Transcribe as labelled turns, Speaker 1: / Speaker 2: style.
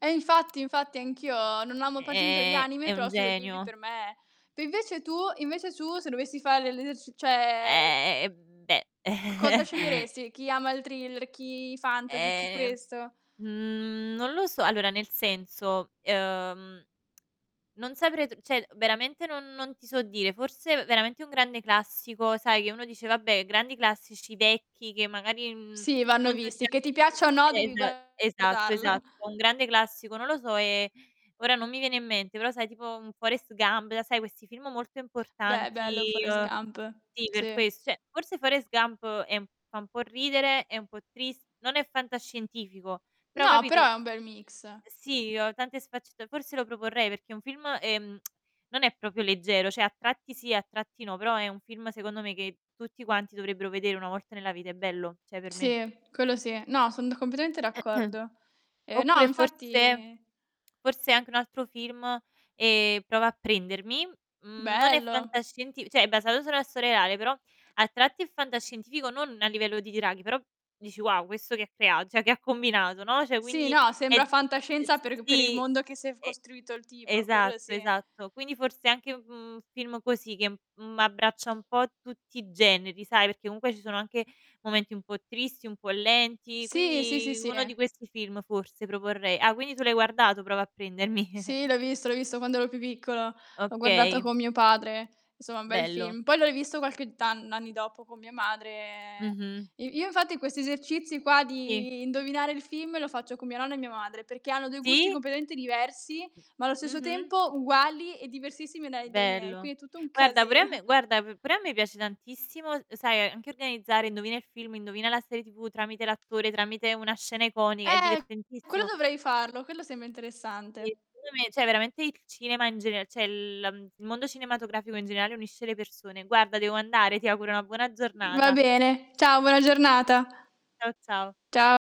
Speaker 1: E infatti, infatti anch'io non amo particolarmente gli
Speaker 2: Ehm,
Speaker 1: anime,
Speaker 2: è un
Speaker 1: però Studio Ghibli
Speaker 2: genio.
Speaker 1: per me ma invece tu invece tu se dovessi fare l'eser cioè
Speaker 2: Eh, beh.
Speaker 1: c cosa sceglieresti? Chi ama il thriller, chi i fantasy, chi
Speaker 2: Ehm,
Speaker 1: questo?
Speaker 2: mhmm, non lo so. Allora nel senso, uhm, non saprei tr cioè veramente non non ti so dire, forse veramente un grande classico, sai, che uno dice: "Vabbè grandi classici vecchi che magari, mhmm,
Speaker 1: Sì vanno
Speaker 2: non tutti
Speaker 1: visti, che
Speaker 2: hanno
Speaker 1: ti piaccia
Speaker 2: vist",
Speaker 1: o no devi
Speaker 2: esa esatto,
Speaker 1: guardarlo.
Speaker 2: esatto, un grande classico, non lo so, ehm, ora non mi viene in mente però, sai, tipo, un "Forrest Gump", la sai questi film molto
Speaker 1: Beh,
Speaker 2: importanti.
Speaker 1: bello "Forrest
Speaker 2: Uhm,
Speaker 1: Gump",
Speaker 2: sì, per
Speaker 1: sì.
Speaker 2: ques cioè forse "Forrest Gump" è fa un po' ridere, è un po' tris non è fantascientifico, però,
Speaker 1: No, però
Speaker 2: capito,
Speaker 1: è un bel mix.
Speaker 2: sì, ehm, tante sfaccetta forse lo proporrei perché è un film, ehm, non è proprio leggero, cioè a tratti sì, a tratti no, però è un film secondo me che tutti quanti dovrebbero vedere una volta nella vita, è bello, cioè per me.
Speaker 1: Sì, quello sì. No, son d completamente d'accordo. Ehm, no,
Speaker 2: Oppure forse
Speaker 1: infatti
Speaker 2: forse anche un altro film, ehm, "Prova a prendermi", mhmm, non è
Speaker 1: Bello.
Speaker 2: fantascientific cioè è basato su una storia reale, però a tratti è fantascientifico, non a livello di draghi, però dici: "Wow questo che ha crea cioè che ha combinato", no, cioè
Speaker 1: Sì,
Speaker 2: quindi
Speaker 1: no,
Speaker 2: è
Speaker 1: sembra
Speaker 2: d uhm,
Speaker 1: fantascienza per per il
Speaker 2: sì.
Speaker 1: mondo che si è f
Speaker 2: E
Speaker 1: costruito il tipo, quello
Speaker 2: esatto,
Speaker 1: sì.
Speaker 2: esatto quindi forse anche, mhmm, un film così che, mhmm, abbraccia un po' tutti i generi, sai, perché comunque ci sono anche momenti un po' tristi, un po' lenti,
Speaker 1: Sì, sì, sì,
Speaker 2: quindi
Speaker 1: sì.
Speaker 2: uno di questi film forse proporrei. Ah, quindi tu l'hai guardato "Prova a prendermi".
Speaker 1: Sì l'ho visto, l'ho visto quando ero più piccolo. L'ho guardato
Speaker 2: Okay.
Speaker 1: con mio padre, insomma un bel
Speaker 2: Bello.
Speaker 1: film. Poi l'ho rivisto qualche tan n anni dopo con mia madre.
Speaker 2: Mh-mh.
Speaker 1: Io io infatti questi esercizi qua
Speaker 2: Sì.
Speaker 1: di indovinare il film lo faccio con mia nonna e mia madre, perché hanno dei gusti
Speaker 2: Sì.
Speaker 1: completamente diversi, ma allo stesso
Speaker 2: Mh-mh.
Speaker 1: tempo uguali e diversissimi dai dai miei.
Speaker 2: Bello.
Speaker 1: Quindi è tutto un
Speaker 2: Guarda
Speaker 1: casi
Speaker 2: pure a me guarda p pure a me piace tantissimo, sai, anche organizzare: indovina il film, indovina la serie tv tramite l'attore, tramite una scena iconica, è
Speaker 1: Eh, quello
Speaker 2: divertentissimo.
Speaker 1: dovrei farlo, quello sembra
Speaker 2: Sì,
Speaker 1: interessante.
Speaker 2: secondo me, cioè veramente il cinema in gener cioè la il mondo cinematografico in generale unisce le persone. Guarda devo andare, ti auguro una buona
Speaker 1: Mh, va
Speaker 2: giornata.
Speaker 1: bene, ciao buona giornata.
Speaker 2: Ciao, ciao.
Speaker 1: Cia